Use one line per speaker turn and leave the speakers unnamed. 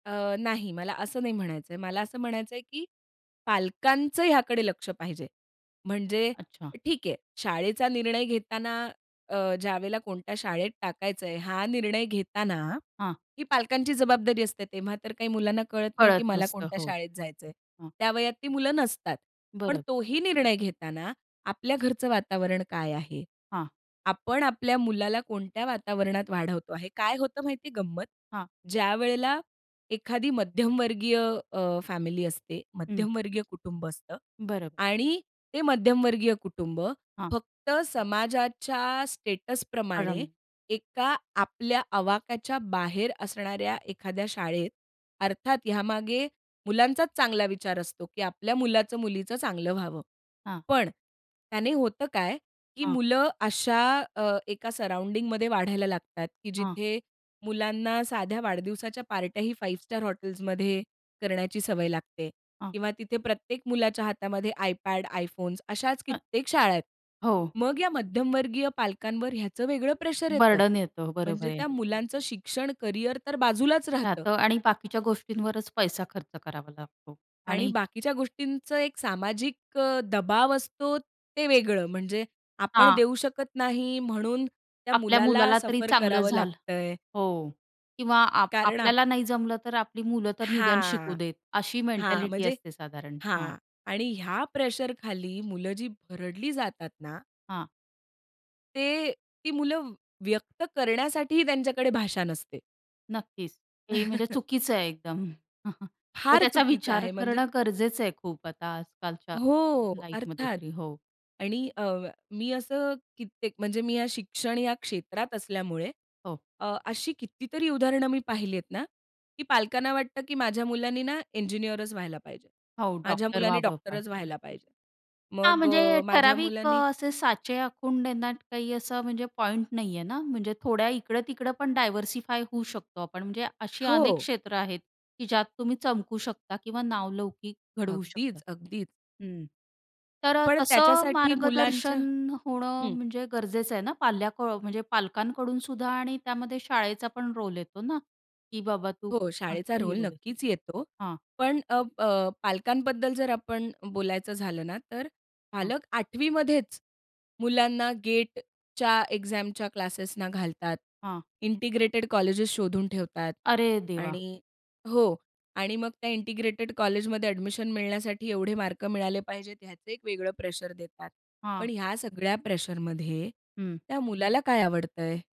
अ, नाही, मला असं नाही म्हणायचं आहे. मला असं म्हणायचं आहे, की पालकांचं हयाकडे लक्ष पाहिजे. म्हणजे
अच्छा.
ठीक आहे, शाळेचा निर्णय घेताना अ, ज्यावेळेला कोणत्या शाळेत टाकायचं आहे हा निर्णय घेताना
हां.
ही पालकांची जबाबदारी असते. तेव्हा तर काही मुलांना कळत नाही की
कळत
मला
नसतं
कोणत्या
हो.
शाळेत जायचं आहे.
हं.
त्या वयात ती मुलं नसतात, पण
बरं.
तोही निर्णय घेताना आपल्या घरचं वातावरण काय आहे,
हां.
आपण आपल्या मुलाला कोणत्या वातावरणात वाढवतो आहे काय होतं माहिती गंमत,
हां.
ज्यावेळेला एखादी मध्यमवर्गीय अ, फॅमिली असते,
हं.
मध्यमवर्गीय कुटुंब असतं
बरं.
आणि ते मध्यमवर्गीय कुटुंब
हां.
फक्त समाजाच्या स्टेटसप्रमाणे
[unintelligible]
एका आपल्या आवाक्याच्या बाहेर असणाऱ्या एखाद्या शाळेत, अर्थात यामागे मुलांचाच चांगला विचार असतो, की आपल्या मुलाचं-मुलीचं चांगलं व्हावं.
हां.
पण त्याने होतं काय, की
हां.
मुलं अशा अ, एका सराउंडिंगमध्ये वाढायला लागतात, की
हां.
जिथे मुलांना साध्या वाढदिवसाच्या पार्ट्याही 5 स्टार हॉटेल्समध्ये करण्याची सवय लागते.
हां.
किंवा तिथे प्रत्येक मुलाच्या हातामध्ये iPad, iPhones, अशाच
अ
कित्येक शाळा आहेत.
हो.
मग या मध्यमवर्गीय पालकांवर ह्याचं वेगळं प्रेशर येतं.
बर्डन येतो बरोबर
म्हणजे
आहे.
त्या मुलांचं शिक्षण, कॅरियर तर बाजूलाच राहतं.
राहतं आणि बाकीच्या गोष्टींवरच पैसा खर्च करावा लागतो
आणि
आणि
बाकीच्या गोष्टींचं एक सामाजिक अ, दबाव असतो ते वेगळं. म्हणजे आपण
हां.
देऊ शकत नाही म्हणून त्या
आपल्या
मुलाला
मुलाला तरी
सफर
चांगलं
करावं
झालं
लागतंय.
हो किंवा आ
कारण आप
आपल्याला नाही जमलं तर आपली मुलं तर निदान शिकू
हां.
देत. अशी
हां,
मेंटॅलिटी
म्हणजे
असते साधारण.
हां
हां.
आणि ह्या प्रेशरखाली मुलं जी भरडली जातात ना
हां.
ते ती मुलं व्यक्त करण्यासाठीही त्यांच्याकडे भाषा नसते.
नक्कीच. हे म्हणजे चुकीचं आहे एकदम. तर
फार
त्याचा
चुकीचं
विचार
आहे म्हणजे
करणं गरजेचं आहे खूप, आता आजकालच्या
हो
लाईफमध्ये
अर्थात.
तरी, हो.
आणि अ, मी असं कित्येक म्हणजे मी या शिक्षण या क्षेत्रात असल्यामुळे
हो.
अ, अशी कितीतरी उदाहरणं मी पाहिलीत ना, की पालकांना वाटतं की माझ्या मुलाने ना, इंजिनिअरच व्हायला पाहिजे.
हो,
माझ्या
डॉक्टर
मुलाने
व्हावं पण
डॉक्टरच व्हायला
नक्की.
पाहिजे.
हां
मग
म्हणजे
अ, माझ्या
ठराविक अ,
मुलानी
असे साचे आखून देण्यात काही असं म्हणजे पॉइंट नाही आहे ना. म्हणजे थोड्या इकडं-तिकडं पण डायव्हर्सिफाय होऊ शकतो आपण. म्हणजे अशी अनेक
हो.
क्षेत्र आहेत, की ज्यात तुम्ही चमकू शकता किंवा नावलौकिक घडवू शकता.
अगदीच, अगदी.
हं. तर अ,
पण
तसं
त्याच्यासाठी मुलांच्या
मार्गदर्शन होणं
हं.
म्हणजे गरजेचं आहे ना पाल्य क म्हणजे पालकांकडूनसुद्धा आणि त्यामध्ये शाळेचा पण रोल येतो ना, की बाबा तू
हो शाळेचा
ही
रोल
रोल आहे.
नक्कीच येतो.
हां.
पण अ, प अ, पालकांबद्दल जर आपण बोलायचं झालं ना तर
हां.
पालक आठवीमध्येच मुलांना G-A-T-Eच्या एक्झामच्या क्लासेसना घालतात.
हां.
इंटिग्रेटेड कॉलेजेस् शोधून ठेवतात.
अरे देवा!
आणि हो, आणि मग त्या इंटिग्रेटेड कॉलेजमध्ये एडमिशन मिळण्यासाठी एवढे मार्क मिळाले पाहिजेत ह्याचं एक वेगळं प्रेशर देतात.
हां.
पण ह्या सगळ्या प्रेशरमध्ये
हं.
त्या मुलाला काय आवडतंय?